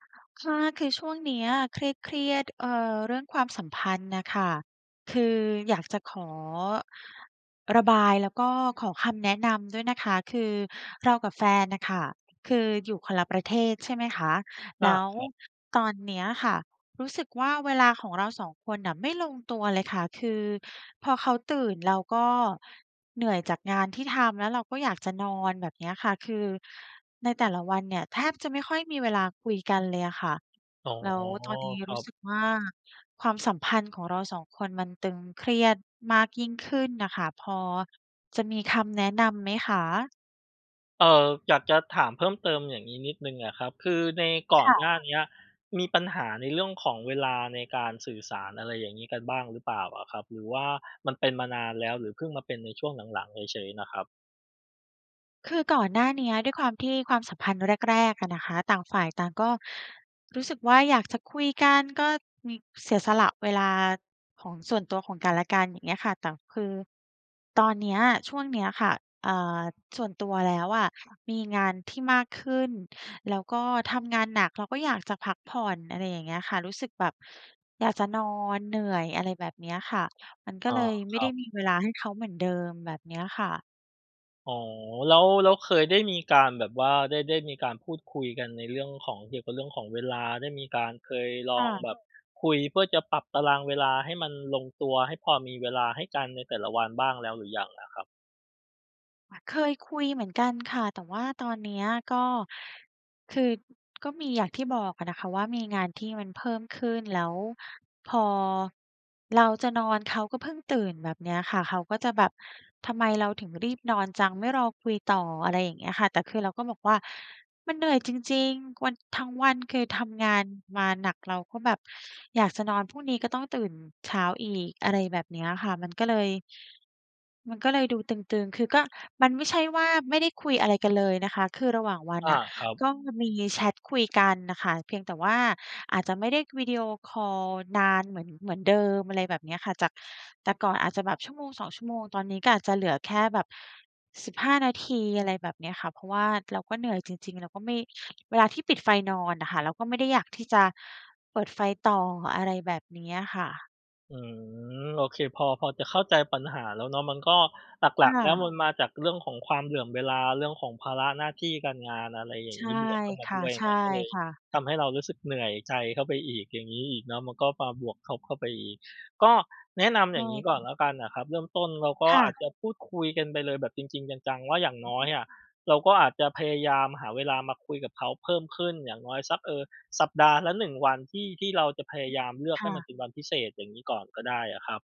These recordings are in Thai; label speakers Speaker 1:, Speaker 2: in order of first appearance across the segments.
Speaker 1: ค่ะ คือช่วงเนี้ยเครียด ๆ เอ่อ เรื่องความสัมพันธ์น่ะค่ะ คืออยากจะขอระบาย แล้วก็ขอคำแนะนำด้วยนะคะ คือเรากับแฟนน่ะค่ะ คืออยู่คนละประเทศ ใช่ไหมคะ
Speaker 2: อ
Speaker 1: แ
Speaker 2: า
Speaker 1: ล้ว
Speaker 2: ครับ
Speaker 1: ตอนเนี้ยค่ะ รู้สึกว่าเวลาของเรา 2 คนน่ะไม่ลงตัวเลยค่ะ คือพอเขาตื่น เราก็เหนื่อยจากงานที่ทำ แล้วเราก็อยากจะนอนแบบเนี้ยค่ะ คือในแต่ละวันเนี่ยแทบจะไม่ค่อยมีเวลาคุยกันเลยอะค่ะ
Speaker 2: อ๋อ
Speaker 1: แล้วตอนนี้
Speaker 2: คร
Speaker 1: ร
Speaker 2: ั
Speaker 1: ู้สึ
Speaker 2: บ
Speaker 1: กว่า ความสัมพันธ์ของเรา 2 คนมันตึงเครียดมากยิ่งขึ้นน่ะค่ะ พอจะมีคำแนะนำไหมคะ?
Speaker 2: เออ อยากจะถามเพิ่มเติมอย่างงี้นิดหนึ่งอะครับ คือในก่
Speaker 1: ค
Speaker 2: อน
Speaker 1: ่
Speaker 2: ห
Speaker 1: ะ
Speaker 2: น้าเนี้ยมีปัญหาในเรื่องของเวลาในการสื่อสาร อะไรอย่างงี้ กันบ้างหรือเปล่าอะครับ? หรือว่ามันเป็นมานานแล้
Speaker 1: ค
Speaker 2: ว
Speaker 1: ่
Speaker 2: ห
Speaker 1: ะ
Speaker 2: รือพึ่งมาเป็นในช่วงหลัง ๆ เฉย ๆ น่ะครับ
Speaker 1: คือก่อนหน้าเนี้ยด้วยความที่ความสัมพันธ์แรก ๆ อะนะคะ ต่างฝ่ายต่างก็รู้สึกว่า อยากจะคุยกันก็มีเสียสละเวลาของส่วนตัวของกันและกัน อย่างเงี้ยค่ะ แต่คือตอนเนี้ยช่วงเนี้ยค่ะ อ่า ส่วนตัวแล้วอะมีงานที่มากขึ้น แล้วก็ทำงานหนักเราก็อยากจะพักผ่อน อะไรอย่างเงี้ยค่ะ รู้สึกแบบอยากจะนอน เหนื่อย อะไรแบบเนี้ยค่ะ มัน
Speaker 2: เ
Speaker 1: ก็
Speaker 2: ออ
Speaker 1: เลยไม
Speaker 2: ค
Speaker 1: ่
Speaker 2: รั
Speaker 1: ได้
Speaker 2: บ
Speaker 1: มีเวลาให้เขาเหมือนเดิม แบบเนี้ยค่ะ
Speaker 2: อ๋อ แล้ว แล้วเคยได้มีการแบบว่า ได้ ได้มีการพูดคุยกันในเรื่องของ เกี่ยวกับเรื่องของเวลา ได้มีการเคยล
Speaker 1: ค
Speaker 2: อ
Speaker 1: ่
Speaker 2: ง
Speaker 1: ะ
Speaker 2: แบบคุยเพื่อจะปรับตารางเวลาให้มันลงตัว ให้พอมีเวลาให้กันในแต่ละวันบ้างแล้วหรือยังล่ะครับ?
Speaker 1: อะ เคยคุยเหมือนกันค่ะ แต่ว่าตอนเนี้ยก็ คือก็มีอย่างที่บอกอะนะคะว่ามีงานที่มันเพิ่มขึ้น แล้วพอเราจะนอนเขาก็เพิ่งตื่นแบบเนี้ยค่ะ เขาก็จะแบบทำไมเราถึงรีบนอนจัง ไม่รอคุยต่อ อะไรอย่างเงี้ยค่ะ แต่คือเราก็บอกว่า "มันเหนื่อยจริง ๆ วัน ทั้งวันคือทำงานมาหนัก เราก็แบบอยากจะนอน พรุ่งนี้ก็ต้องตื่นเช้าอีก" อะไรแบบเนี้ยอะค่ะ มันก็เลย มันก็เลยดูตึง ๆ คือก็มันไม่ใช่ว่าไม่ได้คุยอะไรกันเลยนะคะ คือระหว่างวัน
Speaker 2: อ
Speaker 1: อ
Speaker 2: า
Speaker 1: ะ
Speaker 2: ครั
Speaker 1: ก
Speaker 2: บ
Speaker 1: ็มีแชตคุยกันน่ะค่ะ เพียงแต่ว่าอาจจะไม่ได้วิดีโอคอลนานเหมือน เหมือนเดิม อะไรแบบเนี้ยค่ะ จากแต่ก่อนอาจจะแบบ 1-2 ชั่วโมง ตอนนี้ก็อาจจะเหลือแค่แบบ 15 นาที อะไรแบบเนี้ยค่ะ เพราะว่าเราก็เหนื่อยจริง ๆ แล้วก็ไม่ เวลาที่ปิดไฟนอนอะค่ะ เราก็ไม่ได้อยากที่จะเปิดไฟต่อ อะไรแบบเนี้ยค่ะ
Speaker 2: อืม โอเค พอ พอจะเข้าใจปัญหาแล้วเนาะ มันก็หล
Speaker 1: ค
Speaker 2: ัก
Speaker 1: ่
Speaker 2: ๆ แล้ว
Speaker 1: ะ
Speaker 2: มันมาจากเรื่องของความเหลื่อมเวลา เรื่องของภาระหน้าที่การงาน อะไรอย่
Speaker 1: ใ
Speaker 2: า
Speaker 1: ช
Speaker 2: งง
Speaker 1: ่
Speaker 2: ี้ บวกเข้าม
Speaker 1: ค
Speaker 2: าด
Speaker 1: ่ะ
Speaker 2: ้วย อย
Speaker 1: ใ
Speaker 2: ่
Speaker 1: ช
Speaker 2: างเ
Speaker 1: ่
Speaker 2: งี้ย ก็เลย
Speaker 1: ค่ะ
Speaker 2: ทำให้เรารู้สึกเหนื่อยใจเข้าไปอีก อย่างงี้อีกเนาะ มันก็มาบวกทบเข้าไปอีก ก็แนะนำ
Speaker 1: ใช
Speaker 2: อย่
Speaker 1: ่
Speaker 2: างงี้ก
Speaker 1: ค
Speaker 2: ่อ
Speaker 1: ่
Speaker 2: น
Speaker 1: ะ
Speaker 2: แล้วกันน่ะครับ เริ่มต้นเราก็
Speaker 1: ค่
Speaker 2: อาจจ
Speaker 1: ะ
Speaker 2: ะพูดคุยกันไปเลยแบบจริง ๆ จัง ๆ ว่า อย่างน้อยอะ เราก็อาจจะพยายามหาเวลามาคุยกับเขาเพิ่มขึ้น อย่างน้อยสัก เอ่อ สัปดาห์ละ 1 วัน ที่ ที่เราจะพยายามเลือก
Speaker 1: ค
Speaker 2: ให
Speaker 1: ่
Speaker 2: ้มัน
Speaker 1: ะ
Speaker 2: เป็นวันพิเศษ อย่างงี้ก่อนก็ได้อะครับ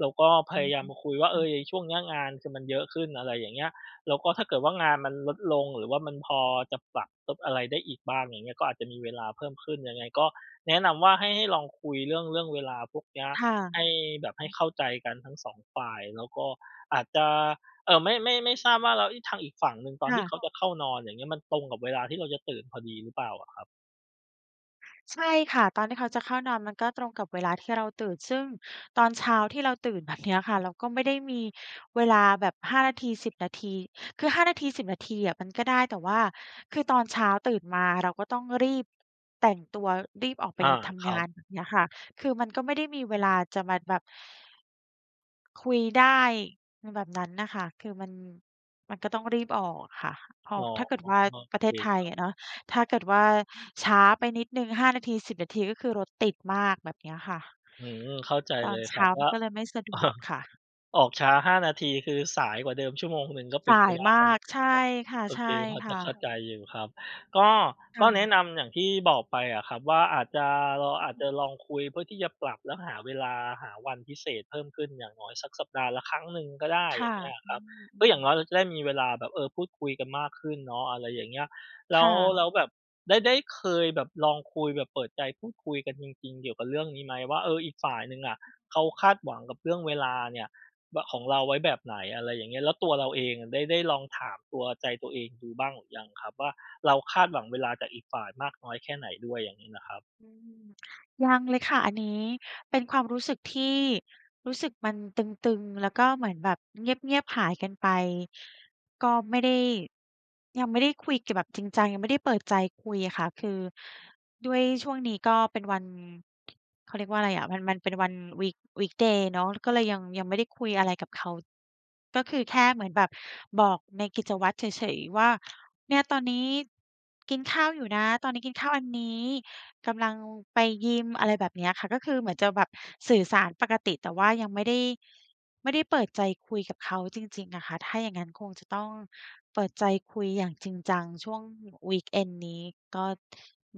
Speaker 2: แล้วก็พ
Speaker 1: อะฮะ
Speaker 2: ยายามมาคุยว่า เ
Speaker 1: ค
Speaker 2: อ
Speaker 1: ่ะ
Speaker 2: อ ไอ้ช่วงเนี้ยงานคือมันเยอะขึ้น อะไรอย่างเงี้ย แล้วก็ถ้าเกิดว่างานมันลดลง หรือว่ามันพอจะปรับทบอะไรได้อีกบ้าง อย่างเงี้ย ก็อาจจะมีเวลาเพิ่มขึ้น ยังไงก็แนะนำว่า ให้ ให้ลองคุยเรื่อง เรื่องเวลาพวกเนี้ย
Speaker 1: ค่
Speaker 2: ให้
Speaker 1: ะ
Speaker 2: แบบให้เข้าใจกันทั้ง 2 ฝ่าย แล้วก็อาจจะ เอ่อ ไม่ ไม่ ไม่ทราบว่า แล้วอิ ทางอีกฝั่งหนึ่ง ตอ
Speaker 1: ค
Speaker 2: นท
Speaker 1: ่
Speaker 2: ี่เข
Speaker 1: ะ
Speaker 2: าจะเข้านอนอย่างงี้ มันตรงกับเวลาที่เราจะตื่นพอดีหรือเปล่าอะครับ?
Speaker 1: ใช่ค่ะ ตอนที่เขาจะเข้านอนมันก็ตรงกับเวลาที่เราตื่น ซึ่งตอนเช้าที่เราตื่นแบบเนี้ยค่ะ เราก็ไม่ได้มีเวลาแบบ 5 นาที 10 นาที คือ 5 นาที 10 นาทีอะมันก็ได้ แต่ว่าคือตอนเช้าตื่นมาเราก็ต้องรีบแต่งตัว รีบออกไป
Speaker 2: อา
Speaker 1: ท
Speaker 2: ค
Speaker 1: ำง
Speaker 2: รั
Speaker 1: า
Speaker 2: บ
Speaker 1: น แบบเนี้ยค่ะ คือมันก็ไม่ได้มีเวลาจะมาแบบ คุยได้ในแบบนั้นน่ะ ค่ะ คือมัน มันก็ต้องรีบออกอะค่ะ เพรา
Speaker 2: อ
Speaker 1: ะ
Speaker 2: ๋อ
Speaker 1: ถ้าเกิดว่า
Speaker 2: โอ
Speaker 1: ประเ
Speaker 2: เ
Speaker 1: ท
Speaker 2: ค
Speaker 1: ศไท
Speaker 2: ค
Speaker 1: ย
Speaker 2: รั
Speaker 1: อ
Speaker 2: บ
Speaker 1: ะเนาะ ถ้าเกิดว่าช้าไปนิดหนึ่ง 5 นาที 10 นาที ก็คือรถติดมาก แบบเนี้ยค่ะ
Speaker 2: อื้อฮือ เข้าใจ
Speaker 1: ตอ
Speaker 2: เล
Speaker 1: น
Speaker 2: ย
Speaker 1: เช
Speaker 2: ครั
Speaker 1: ้
Speaker 2: บ
Speaker 1: า
Speaker 2: ว
Speaker 1: มั
Speaker 2: ่
Speaker 1: น
Speaker 2: า
Speaker 1: ก็เลยไม่สะดวกค่ะ
Speaker 2: ออกช้า 5 นาที คือสายกว่าเดิมชั่วโมงหนึ่งก็เป
Speaker 1: ส
Speaker 2: ็น
Speaker 1: า
Speaker 2: ไป
Speaker 1: ย
Speaker 2: ได้
Speaker 1: มา
Speaker 2: เ
Speaker 1: ก ใช่
Speaker 2: นาะ
Speaker 1: ค
Speaker 2: โอเคพอจะ
Speaker 1: ่ะ
Speaker 2: เข้
Speaker 1: ๆ
Speaker 2: าใจอยู่ครับ ก็
Speaker 1: ค
Speaker 2: ก
Speaker 1: ่
Speaker 2: ็แน
Speaker 1: ะ
Speaker 2: ะนำอย่างที่บอกไปอะครับว่า อาจจะ เรา
Speaker 1: อ
Speaker 2: อาจ
Speaker 1: ือ
Speaker 2: จะลองคุยเพื่อที่จะปรับ แล้วหาเวลา หาวันพิเศษเพิ่มขึ้นอย่างน้อยสักสัปดาห์ละครั้งหนึ่งก็ได้
Speaker 1: ค
Speaker 2: อ
Speaker 1: ่
Speaker 2: ย่า
Speaker 1: ะ
Speaker 2: งเงี้ยอ
Speaker 1: อ
Speaker 2: ะ
Speaker 1: ื
Speaker 2: ครับ ก็อ
Speaker 1: อ
Speaker 2: ย่าง
Speaker 1: ๆ
Speaker 2: น้อยเราจะได้มีเวลาแบบ เออ พูดคุยกันมากขึ้นเนาะ อะไรอย่างเงี้ย แล
Speaker 1: ค
Speaker 2: ้
Speaker 1: ่
Speaker 2: ว แล
Speaker 1: ะ
Speaker 2: ้วแบบได้ ได้เคยแบบลองคุยแบบเปิดใจพูดคุยกันจริง ๆ เกี่ยวกับเรื่องนี้ไหมว่า เออ อีกฝ่ายหนึ่งอะ เขาคาดหวังกับเรื่องเวลาเนี่ยว่า ของเราไว้แบบไหน อะไรอย่างเงี้ย แล้วตัวเราเองอะได้ ได้ลองถามตัว ใจตัวเองดูบ้างหรือยังครับว่า เราคาดหวังเวลาจากอีกฝ่ายมากน้อยแค่ไหนด้วย? อย่างงี้น่ะครับ
Speaker 1: อือ ยังเลยค่ะ อันนี้เป็นความรู้สึกที่ รู้สึกมันตึง ๆ แล้วก็เหมือนแบบเงียบ ๆ หายกันไป ก็ไม่ได้ ยังไม่ได้คุยกันแบบจริงจัง ยังไม่ได้เปิดใจคุยอะค่ะ คือด้วยช่วงนี้ก็เป็นวัน เขาเรียกว่าอะไรอะ มัน มันเป็นวัน week weekday เนาะ ก็เลยยัง ยังไม่ได้คุยอะไรกับเขา ก็คือแค่เหมือนแบบบอกในกิจวัตรเฉย ๆ ว่า "เนี่ยตอนนี้กินข้าวอยู่นะ ตอนนี้กินข้าวอันนี้ กำลังไปยิม" อะไรแบบเนี้ยค่ะ ก็คือเหมือนจะแบบสื่อสารปกติ แต่ว่ายังไม่ได้ ไม่ได้เปิดใจคุยกับเขาจริง ๆ อะค่ะ ถ้าอย่างงั้นคงจะต้องเปิดใจคุยอย่างจริงจัง ช่วง weekend นี้ ก็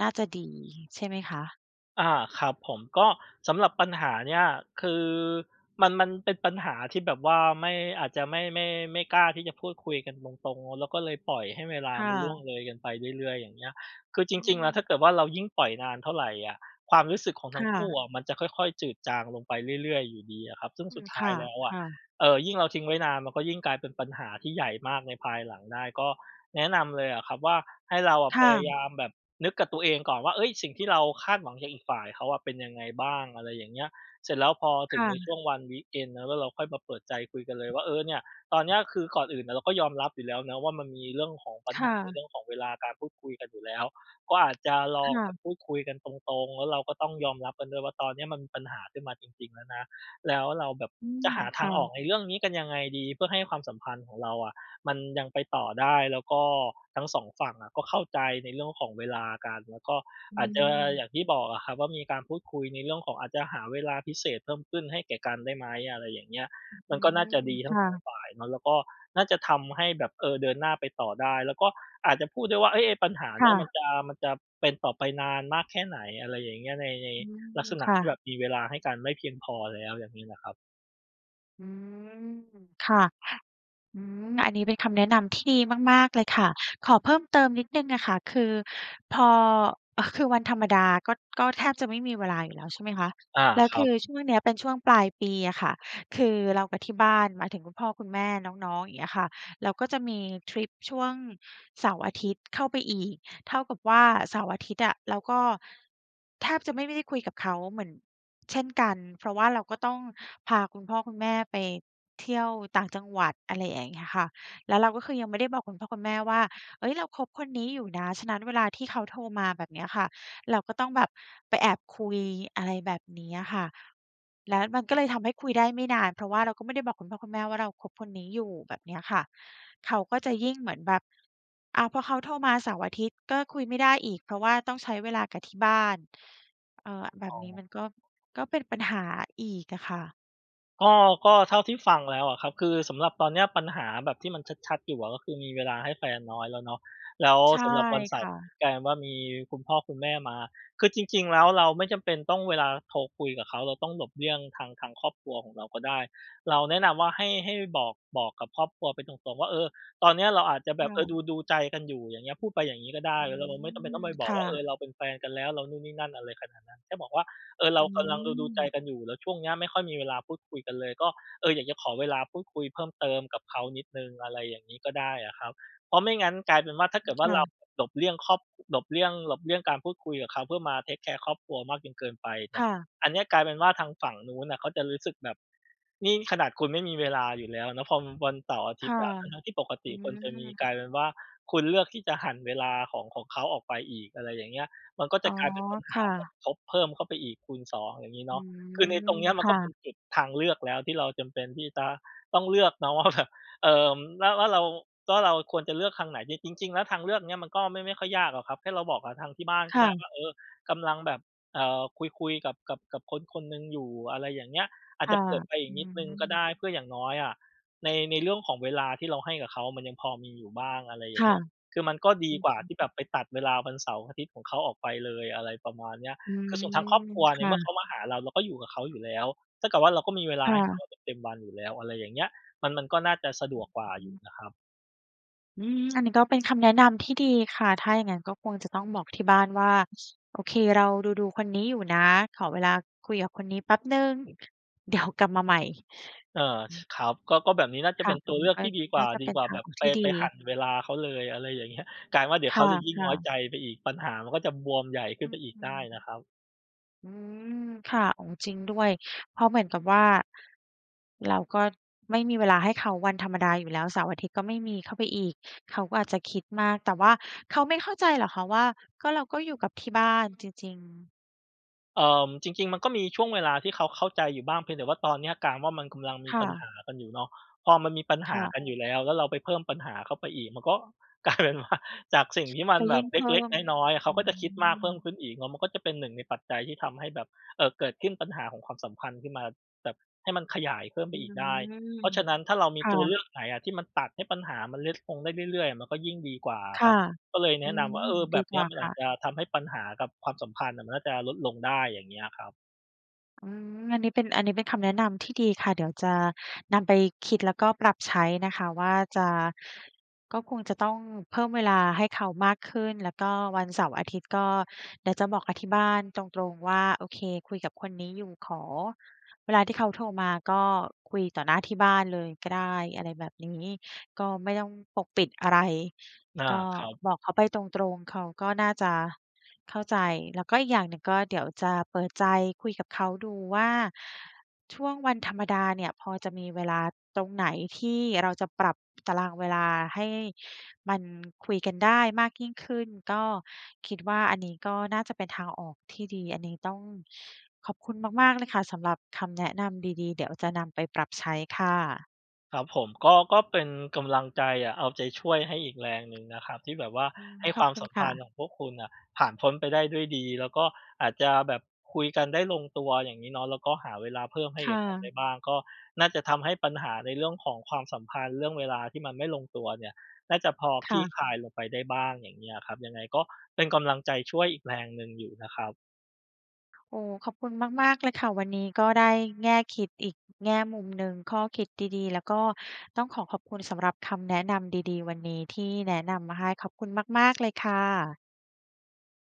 Speaker 1: น่าจะดีใช่ไหมคะ?
Speaker 2: อา ครับผม ก็สำหรับปัญหาเนี้ย คือมัน มันเป็นปัญหาที่แบบว่าไม่ อาจจะไม่ ไม่ ไม่กล้าที่จะพูดคุยกันตรง ๆ เนาะ แล้วก็เลยปล่อยให้เวลา
Speaker 1: ค่
Speaker 2: มันล่
Speaker 1: ะ
Speaker 2: วงเลยกันไปเรื่อย ๆ อย่างเงี้ย คือจ
Speaker 1: อื
Speaker 2: ริง ๆ แล้ว
Speaker 1: ม
Speaker 2: ถ้าเกิดว่า เรายิ่งปล่อยนานเท่าไรอะ ความรู้สึกของ
Speaker 1: ค
Speaker 2: ทั
Speaker 1: ่
Speaker 2: ้งคู่
Speaker 1: ะ
Speaker 2: อะ มันจะค่อย ๆ จืดจางลงไปเรื่อย ๆ อยู่ดีอะครับ ซึ่ง
Speaker 1: อื
Speaker 2: สุด
Speaker 1: อ
Speaker 2: ท
Speaker 1: ค
Speaker 2: ้า
Speaker 1: ่
Speaker 2: ย
Speaker 1: ะ
Speaker 2: แล้วอ
Speaker 1: ค
Speaker 2: ะ
Speaker 1: ่ะ
Speaker 2: เอ่อ ยิ่งเราทิ้งไว้นาน มันก็ยิ่งกลายเป็นปัญหาที่ใหญ่มากในภายหลังได้ ก็แนะนำเลยอะครับว่า ให้เราอะ
Speaker 1: ค
Speaker 2: พ
Speaker 1: ่
Speaker 2: ยาย
Speaker 1: ะ
Speaker 2: ามแบบนึกกับตัวเองก่อนว่า เฮ้ย สิ่งที่เราคาดหวังจากอีกฝ่ายเขาอะ เป็นยังไงบ้าง อะไรอย่างเงี้ย เสร็จแล้วพอถ
Speaker 1: ค
Speaker 2: ึง
Speaker 1: ่
Speaker 2: ในช่
Speaker 1: ะ
Speaker 2: วงวัน วีกเอนด์ เนาะ แล้วเราค่อยมาเปิดใจคุยกันเลยว่า เออเนี่ยตอนเนี้ยคือ ก่อนอื่นอะเราก็ยอมรับอยู่แล้วเนาะว่า มันมีเรื่องของปัญ
Speaker 1: ค
Speaker 2: ห
Speaker 1: ่
Speaker 2: าใน
Speaker 1: ะ
Speaker 2: เรื่องของเวลาการพูดคุยกันอยู่แล้ว ก็อาจจะล
Speaker 1: ค
Speaker 2: อง
Speaker 1: ่
Speaker 2: แบ
Speaker 1: ะ
Speaker 2: บพูดคุยกันตรง ๆ แล้วเราก็ต้องยอมรับกันด้วยว่า ตอนเนี้ยมันมีปัญหาขึ้นมาจริง ๆ แล้วนะ แล้วเราแบบ
Speaker 1: อื
Speaker 2: จ
Speaker 1: ม
Speaker 2: ะหา
Speaker 1: ค
Speaker 2: ทา
Speaker 1: ่
Speaker 2: งออ
Speaker 1: ะ
Speaker 2: กในเรื่องนี้กันยังไงดี เพื่อให้ความสัมพันธ์ของเราอะมันยังไปต่อได้ แล้วก็ทั้ง 2 ฝั่งอะ ก็เข้าใจในเรื่องของเวลากัน แล้วก็
Speaker 1: อื
Speaker 2: อาจจะ
Speaker 1: ม
Speaker 2: อย่างที่บอกอะครับว่า มีการพูดคุยในเรื่องของ อาจจะหาเวลาพิเศษเพิ่มขึ้นให้แก่กันได้ไหม อะไรอย่างเงี้ย
Speaker 1: อื
Speaker 2: มันก็น่าจะ
Speaker 1: อ
Speaker 2: ดีทั
Speaker 1: ค
Speaker 2: ้ง
Speaker 1: ่
Speaker 2: 2
Speaker 1: ะ
Speaker 2: ฝ่ายเนาะ แล้วก็น่าจะทำให้แบบ เออ เดินหน้าไปต่อได้ แล้วก็อาจจะพูดด้วยว่า เฮ้ย ไอ้ปัญหา
Speaker 1: ค
Speaker 2: เน
Speaker 1: ่
Speaker 2: ี้ย มั
Speaker 1: ะ
Speaker 2: นจะ มันจะเป็นต่อไปนานมากแค่ไหน อะไรอย่างเงี้ย ใน ใน
Speaker 1: อื
Speaker 2: ลักษ
Speaker 1: อ
Speaker 2: ณะ
Speaker 1: ค่
Speaker 2: ที่แบ
Speaker 1: ะ
Speaker 2: บมีเวลาให้กันไม่เพียงพอแล้ว อย่างนี้ล่ะครับ
Speaker 1: อืม ค่ะ อืม อันนี้เป็นคำแนะนำที่ดีมาก ๆ เลยค่ะ ขอเพิ่มเติมนิดหนึ่งอะค่ะ คือพอ เอ่อ คือวันธรรมดาก็ ก็แทบจะไม่มีเวลาอยู่แล้ว ใช่ไหมคะ?
Speaker 2: อา
Speaker 1: แล้ว
Speaker 2: ค
Speaker 1: ค
Speaker 2: รั
Speaker 1: ื
Speaker 2: บ
Speaker 1: อช่วงเนี้ยเป็นช่วงปลายปีอะค่ะ คือเรากับที่บ้าน หมายถึงคุณพ่อคุณแม่น้อง ๆ อย่างเงี้ยค่ะ เราก็จะมีทริปช่วงเสาร์อาทิตย์ เข้าไปอีก เท่ากับว่าเสาร์อาทิตย์อะ เราก็แทบจะไม่ ไม่ได้คุยกับเขาเหมือน เช่นกัน เพราะว่าเราก็ต้องพาคุณพ่อคุณแม่ไป เที่ยวต่างจังหวัด อะไรอย่างเงี้ยค่ะ แล้วเราก็คือยังไม่ได้บอกคุณพ่อคุณแม่ว่า เฮ้ย เราคบคนนี้อยู่นะ ฉะนั้นเวลาที่เขาโทรมา แบบเนี้ยค่ะ เราก็ต้องแบบไปแอบคุย อะไรแบบเนี้ยค่ะ แล้วมันก็เลยทำให้คุยได้ไม่นาน เพราะว่าเราก็ไม่ได้บอกคุณพ่อคุณแม่ว่า เราคบคนนี้อยู่ แบบเนี้ยค่ะ เขาก็จะยิ่ง เหมือนแบบ อ้าว พอเขาโทรมาเสาร์อาทิตย์ก็คุยไม่ได้อีก เพราะว่าต้องใช้เวลากับที่บ้าน เอ่อ แบ
Speaker 2: อ
Speaker 1: บ
Speaker 2: ๋
Speaker 1: นี้
Speaker 2: อ
Speaker 1: มันก็ ก็เป็นปัญหาอีกอะค่ะ
Speaker 2: ก็ ก็เท่าที่ฟังแล้วอะครับ คือสำหรับตอนเนี้ยปัญหาแบบที่มันชัด ๆ อยู่อะ ก็คือมีเวลาให้แฟนน้อยแล้วเนาะ แล้ว
Speaker 1: ใช่
Speaker 2: สำหรับวันเส
Speaker 1: ค
Speaker 2: าร์
Speaker 1: ่ะ
Speaker 2: กลายเป็นว่า มีคุณพ่อคุณแม่มา คือจริง ๆ แล้วเราไม่จำเป็นต้อง เวลาโทรคุยกับเขา เราต้องหลบเลี่ยงทาง ทางครอบครัวของเราก็ได้ เราแนะนำว่า ให้ ให้บอก บอกกับครอบครัวไปตรง ๆ ว่า เออ ตอนนี้เราอาจจะแบ
Speaker 1: ค
Speaker 2: บ
Speaker 1: ่
Speaker 2: เออ
Speaker 1: ะ
Speaker 2: ดู ๆ ใจกันอยู่ อย่างเงี้ย พูดไปอย่างนี้ก็ได้
Speaker 1: อื
Speaker 2: แล้วเรา เราไม่จำเป็
Speaker 1: ม
Speaker 2: นต้องไปบ
Speaker 1: ค
Speaker 2: อก
Speaker 1: ่
Speaker 2: ว่า เออ
Speaker 1: ะ
Speaker 2: เราเป็นแฟนกันแล้ว เรานู่นนี่นั่น อะไรขนาดนั้น แค่บอกว่า เออ เร
Speaker 1: อ
Speaker 2: า
Speaker 1: ื
Speaker 2: กำลังดู ๆ ใจ
Speaker 1: ม
Speaker 2: กันอยู่ แล้วช่วงเนี้ยไม่ค่อยมีเวลาพูดคุยกันเลย ก็ เออ อยากจะขอเวลาพูดคุยเพิ่มเติมกับเขานิดหนึ่ง อะไรอย่างงี้ก็ได้อะครับ เพราะไม่งั้นกลายเป็นว่า ถ้าเกิดว่า
Speaker 1: ค่
Speaker 2: เรา
Speaker 1: ะ
Speaker 2: หลบเลี่ยงครอบ หลบเลี่ยง หลบเลี่ยงการพูดคุยกับเขา เพื่อมา เทกแคร์ ครอบครัวมากจนเกินไปเนี่
Speaker 1: ค
Speaker 2: ย
Speaker 1: ่ะ
Speaker 2: อันเนี้ยกลายเป็นว่าทางฝั่งนู้นน่ะ เขาจะรู้สึกแบบ นี่ขนาดคุณไม่มีเวลาอยู่แล้วเนาะ พอ ม วันเสาร์อาท
Speaker 1: ค
Speaker 2: ิตย
Speaker 1: ่ะ
Speaker 2: ์อะ ทั้ง ๆ ที่ปก
Speaker 1: อ
Speaker 2: ต
Speaker 1: ื
Speaker 2: ิควรจะมี กล
Speaker 1: ม
Speaker 2: ายเป็นว่า คุณเลือกที่จะหั่นเวลาของ ของเขาออกไปอีก อะไรอย่างเงี้ย มันก็จ
Speaker 1: อ
Speaker 2: ะ
Speaker 1: ๋อ
Speaker 2: กลายเป็นปัญห
Speaker 1: ค
Speaker 2: า
Speaker 1: ่ะ
Speaker 2: แบบทบเพิ่มเข้าไปอีกคูณ 2 อย่างนี้เ
Speaker 1: อ
Speaker 2: น
Speaker 1: ื
Speaker 2: าะ คือใน
Speaker 1: ม
Speaker 2: ตรงนี้มั
Speaker 1: ค
Speaker 2: นก็
Speaker 1: ่
Speaker 2: เป
Speaker 1: ะ
Speaker 2: ็นจุดทางเลือกแล้ว ที่เราจำเป็นที่จะต้องเลือกเนาะ ว่า แบบ เอ่อ ว่า ว่าเรา ก็เราควรจะเลือกทางไหน? จริง จริง ๆ แล้วทางเลือกเนี้ย มันก็ไม่ ไม่ค่อยยากหรอกครับ แค่เราบอกกับทางที่บ้าน
Speaker 1: ค
Speaker 2: ก็
Speaker 1: ่
Speaker 2: ได้ว
Speaker 1: ะ
Speaker 2: ่า เออ กำลังแบบ เออ คุย ๆ กับ กับ กับคนคนหนึ่งอยู่ อะไรอย่างเงี้ย อา
Speaker 1: ค
Speaker 2: จจ
Speaker 1: ่
Speaker 2: ะ
Speaker 1: ะ
Speaker 2: เปิดไปอี
Speaker 1: อ
Speaker 2: ก
Speaker 1: ื
Speaker 2: นิดหนึ่งก็
Speaker 1: ม
Speaker 2: ได้ เพื่ออย่างน้อยอะ ใน ในเรื่องของเวลาที่เราให้กับเขา มันยังพอมีอยู่บ้าง อะไรอย่
Speaker 1: ค
Speaker 2: าง
Speaker 1: ่
Speaker 2: เง
Speaker 1: ะ
Speaker 2: ี้ย คือมันก็ด
Speaker 1: อ
Speaker 2: ี
Speaker 1: ืม
Speaker 2: กว่าที่แบบไปตัดเวลาวันเสาร์อาทิตย์ของเขาออกไปเลย อะไรประมาณเนี้ย
Speaker 1: อื
Speaker 2: คื
Speaker 1: ม
Speaker 2: อส่วนทางครอบครัว
Speaker 1: ค
Speaker 2: ใน
Speaker 1: ่
Speaker 2: เมื่อเ
Speaker 1: ะ
Speaker 2: ขามาหาเรา เราก็อยู่กับเขาอยู่แล้ว เท่ากับว่าเราก็มีเวลา
Speaker 1: ค่
Speaker 2: ให้เข
Speaker 1: ะ
Speaker 2: าเต็ม ๆ วันอยู่แล้ว อะไรอย่างเงี้ย มัน มันก็น่าจะสะดวกกว่า
Speaker 1: อื
Speaker 2: อ
Speaker 1: อ
Speaker 2: ยู
Speaker 1: ฮ
Speaker 2: ่
Speaker 1: ึ
Speaker 2: นะครับ
Speaker 1: อืม อันนี้ก็เป็นคำแนะนำที่ดีค่ะ ถ้าอย่างนั้นก็คงจะต้องบอกที่บ้านว่า "โอเค เราดู ๆ คนนี้อยู่นะ ขอเวลาคุยกับคนนี้แป๊บหนึ่ง เดี๋ยว กลับมาใหม่"
Speaker 2: เออ
Speaker 1: อื
Speaker 2: ช
Speaker 1: อ
Speaker 2: ครับ ก็ ก็แบบนี้น่าจะ
Speaker 1: ค
Speaker 2: เ
Speaker 1: ่
Speaker 2: ป
Speaker 1: ะ
Speaker 2: ็นต
Speaker 1: อื
Speaker 2: ัวเล
Speaker 1: ม
Speaker 2: ือก
Speaker 1: ก็
Speaker 2: ที่ดีกว
Speaker 1: น
Speaker 2: ่
Speaker 1: ่
Speaker 2: า
Speaker 1: าจะ
Speaker 2: ดี
Speaker 1: เป็
Speaker 2: ก
Speaker 1: น
Speaker 2: ว่า
Speaker 1: ทา
Speaker 2: แบ
Speaker 1: ง
Speaker 2: บ
Speaker 1: ออก
Speaker 2: ไป
Speaker 1: ที่ดี
Speaker 2: ไปหั่นเวลาเขาเลย อะไรอย่าง เงี้ย กลายเป็นว่าเดี๋ย
Speaker 1: ค
Speaker 2: วเขาจะยิ่งน
Speaker 1: ่
Speaker 2: ้
Speaker 1: ะ
Speaker 2: อย
Speaker 1: ๆ
Speaker 2: ใจไปอีก ปัญหามันก็จะบวมใหญ่ขึ
Speaker 1: อ
Speaker 2: ้
Speaker 1: ื
Speaker 2: นไปอีกได้น
Speaker 1: ม
Speaker 2: ะครับ
Speaker 1: อืม ค่ะ โอ้ จริงด้วย เพราะเหมือนกับว่า เราก็ไม่มีเวลาให้เขาวันธรรมดาอยู่แล้ว เสาร์-อาทิตย์ก็ไม่มีเข้าไปอีก เขาก็อาจจะคิดมาก แต่ว่าเขาไม่เข้าใจหรอกคะว่า ก็ เราก็อยู่กับที่บ้านจริง ๆ
Speaker 2: เอ่อ จริง ๆ มันก็มีช่วงเวลาที่เขาเข้าใจอยู่บ้าง เพียงแต่ว่าตอนเนี้ยกลายเป็นว่า มันกำลังมี
Speaker 1: ค่
Speaker 2: ปัญห
Speaker 1: ะ
Speaker 2: ากันอยู่เนาะ พอมันมีปัญห
Speaker 1: ค่
Speaker 2: า
Speaker 1: ะ
Speaker 2: กันอยู่แล้ว แล้วเราไปเพิ่มปัญหาเข้าไปอีก มันก็ กลายเป็นว่า จากสิ่ง ที่มั
Speaker 1: จ
Speaker 2: น
Speaker 1: ะ
Speaker 2: แ
Speaker 1: ย
Speaker 2: บ
Speaker 1: ิ่
Speaker 2: บ
Speaker 1: ง
Speaker 2: เ
Speaker 1: เพิ่
Speaker 2: ล็ก
Speaker 1: ม
Speaker 2: ๆ น้อย ๆ เข
Speaker 1: อ
Speaker 2: า
Speaker 1: ื
Speaker 2: ก็จะคิดมากเพิ่
Speaker 1: ม
Speaker 2: มขึ้นอีก แล้วมันก็จะเป็นหนึ่งในปัจจัยที่ทำให้แบบ เอ่อ เกิดขึ้น ปัญหาของความสัมพันธ์ขึ้นมาแบบ ให้มันขยายเพิ่มไ
Speaker 1: อ
Speaker 2: ป
Speaker 1: ื
Speaker 2: อีกได้
Speaker 1: ม
Speaker 2: เพราะฉะนั้นถ้าเรามี
Speaker 1: ค่
Speaker 2: ตัวเล
Speaker 1: ะ
Speaker 2: ือกไหนอะที่มันตัดให้ปัญหามันเล็ก ลงได้เรื่อย ๆ อะ มันก็ยิ่งดีกว่าอ
Speaker 1: ค
Speaker 2: ะค
Speaker 1: ่
Speaker 2: รั
Speaker 1: ะ
Speaker 2: บ ก็เลยแ
Speaker 1: อ
Speaker 2: น
Speaker 1: ื
Speaker 2: ะน
Speaker 1: ม
Speaker 2: ำว่า เออ แ
Speaker 1: ดี
Speaker 2: บบ
Speaker 1: ก
Speaker 2: เนี
Speaker 1: ว
Speaker 2: ้
Speaker 1: ่า
Speaker 2: ยมัน
Speaker 1: ค
Speaker 2: อ
Speaker 1: ่
Speaker 2: าจ
Speaker 1: ะ
Speaker 2: จะทำให้ปัญหากับความสัมพันธ์น่ะมันน่าจะลดลงได้ อย่างเงี้ยครับ
Speaker 1: อืม อันนี้เป็น อันนี้เป็นคำแนะนำที่ดีค่ะ เดี๋ยวจะนำไปคิดแล้วก็ปรับใช้นะคะว่า จะ ก็คงจะต้องเพิ่มเวลาให้เขามากขึ้น แล้วก็ วันเสาร์-อาทิตย์ก็เดี๋ยวจะบอกกับที่บ้านตรง ๆ ว่า "โอเค คุยกับคนนี้อยู่ ขอ" เวลาที่เขาโทรมาก็คุยต่อหน้าที่บ้านเลยก็ได้ อะไรแบบนี้ ก็ไม่ต้องปกปิดอะไร
Speaker 2: อา
Speaker 1: ก็
Speaker 2: ครับ
Speaker 1: บอกเขาไปตรง ๆ เขาก็น่าจะเข้าใจ แล้วก็ อีกอย่างหนึ่งก็เดี๋ยวจะเปิดใจคุยกับเขาดูว่า ช่วงวันธรรมดาเนี่ย พอจะมีเวลาตรงไหนที่เราจะปรับตารางเวลาให้มันคุยกันได้มากยิ่งขึ้น ก็คิดว่า อันนี้ก็น่าจะเป็นทางออกที่ดี อันนี้ต้องขอบคุณมาก ๆ เลยค่ะสำหรับคำแนะนำดี ๆ เดี๋ยวจะนำไปปรับใช้ค่ะ
Speaker 2: ครับผม ก็ ก็เป็นกำลังใจอะ เอาใจช่วยให้อีกแรงหนึ่งนะครับ ที่แบบว่า
Speaker 1: อืม
Speaker 2: ให้
Speaker 1: ข
Speaker 2: ค
Speaker 1: อ
Speaker 2: ว
Speaker 1: บ
Speaker 2: าม
Speaker 1: คุ
Speaker 2: ส
Speaker 1: ณ
Speaker 2: ัม
Speaker 1: ค
Speaker 2: พ
Speaker 1: ่
Speaker 2: ัน
Speaker 1: ะ
Speaker 2: ธ์ของพวกคุณน่ะผ่านพ้นไปได้ด้วยดี แล้วก็อาจจะแบบคุยกันได้ลงตัว อย่างงี้เนาะ แล้วก็หาเวลาเพิ่มให้
Speaker 1: ค
Speaker 2: แก
Speaker 1: ่
Speaker 2: ่กันไ
Speaker 1: ะ
Speaker 2: ด้บ้าง ก็น่าจะทำให้ปัญหาในเรื่องของความสัมพันธ์ เรื่องเวลาที่มันไม่ลงตัวเนี่ย น่าจะพอ
Speaker 1: ค
Speaker 2: คล
Speaker 1: ่
Speaker 2: ี่
Speaker 1: ะ
Speaker 2: คลายลงไปได้บ้าง อย่างเงี้ยอะครับ ยังไงก็เป็นกำลังใจช่วยอีกแรงหนึ่งอยู่นะครับ
Speaker 1: โอ้ ขอบคุณมาก ๆ เลยค่ะ วันนี้ก็ได้แง่คิดอีกแง่มุมหนึ่ง ข้อคิดดี ๆ แล้วก็ต้องขอขอบคุณสำหรับคำแนะนำดี ๆ วันนี้ ที่แนะนำมาให้ ขอบคุณมาก ๆ เลยค่ะ